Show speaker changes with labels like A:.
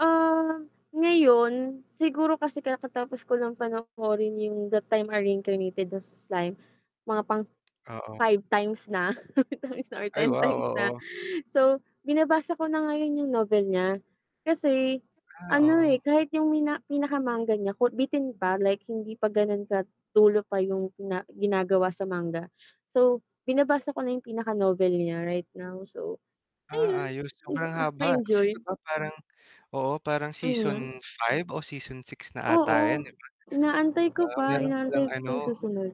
A: Ah, ngayon siguro kasi kakatapos ko lang panoorin 'yong That Time I Got Reincarnated as a Slime, mga pang
B: Oo.
A: 5 times na, 5 times or
B: Ay
A: 10
B: wow,
A: times na.
B: oo.
A: So, binabasa ko na ngayon 'yong novel niya. Kasi
B: Ah,
A: ano, eh,
B: oo.
A: kahit 'yong mina pinaka-manga niya ko bitin pa, like hindi pa gano'n ka dulo pa 'yong na ginagawa sa manga. So, binabasa ko na 'yong pinaka-novel niya right now. So
B: Ah,
A: ayun,
B: ayos.
A: hmm,
B: Sobrang haba kasi 'di
A: nakaka-enjoy.
B: ba parang oo, parang
A: Mm.
B: season 5 o season 6 na ata
A: Oo,
B: 'yon, 'di ba?
A: inaantay
B: Ba,
A: ko pa,
B: meron
A: inaantay
B: palang
A: pa
B: ano
A: 'yong susunod.